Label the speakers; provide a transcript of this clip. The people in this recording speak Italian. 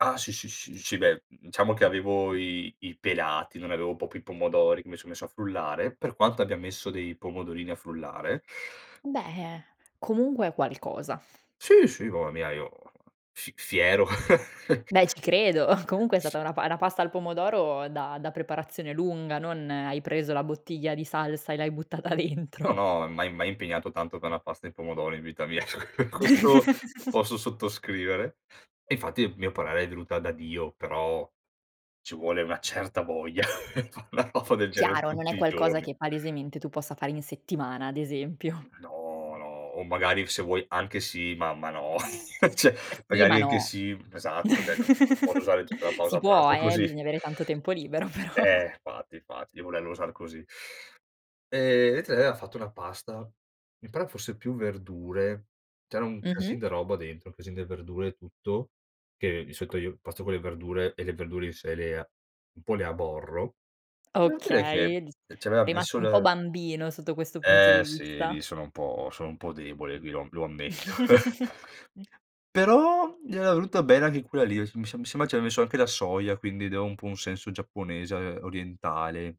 Speaker 1: Ah sì, sì, s sì beh, mhmm, diciamo che avevo i i pelati, non avevo proprio i pomodori che mi son messo a frullare. Per quanto abbia messo dei pomodorini a frullare.
Speaker 2: Beh, comunque è qualcosa.
Speaker 1: Sì, sì, mamma mia, io fi fiero.
Speaker 2: Beh, ci credo. Comunque è
Speaker 1: S
Speaker 2: stata una pa una pasta al pomodoro da da preparazione lunga, non hai preso la bottiglia di salsa e l'hai buttata
Speaker 1: No
Speaker 2: dentro.
Speaker 1: no, mai mai impegnato tanto pe' 'na pasta e pomodori in vita mia. Cioè, questo lo posso sottoscrivere. E infatti, mio parere, è venuta da Dio, però ci vuole una certa voglia pe' fa una cosa del genere
Speaker 2: Chiaro, non è
Speaker 1: tutti i
Speaker 2: qualcosa
Speaker 1: giorni.
Speaker 2: che palesemente tu possa fare in settimana, ad esempio.
Speaker 1: No, no, o magari f se vuoi anche sì, ma ma no, cioè,
Speaker 2: Eh sì,
Speaker 1: magari
Speaker 2: ma
Speaker 1: anche
Speaker 2: no.
Speaker 1: sì esatto, cioè no non posso usare tutta la
Speaker 2: Si
Speaker 1: pausa
Speaker 2: può
Speaker 1: pranzo
Speaker 2: eh,
Speaker 1: così.
Speaker 2: bisogna avere tanto tempo libero però.
Speaker 1: Eh, fatti, infatti, volerlo usar così. Ehm, [unintelligible] lei ha fatto una pasta, mi pare fosse più verdure, c'era un casin
Speaker 2: Mh-mh.
Speaker 1: de roba dentro, casin de verdure e tutto, che di solito io pasta con le verdure e le verdure in sé le un po' le aborro. Devo dire che
Speaker 2: Okay, di
Speaker 1: e ci avea
Speaker 2: rimasto
Speaker 1: messo
Speaker 2: un po'
Speaker 1: l
Speaker 2: bambino sotto questo punto
Speaker 1: Eh
Speaker 2: di
Speaker 1: sì, lì
Speaker 2: vista.
Speaker 1: sono un po' sono un po' debole, qui lo am lo ammetto però, gli era venuta bene anche quella lì, sem mi sem mi sembra ci aveva messo anche la soia, quindi dava un po' un senso giapponese, ehm, orientale.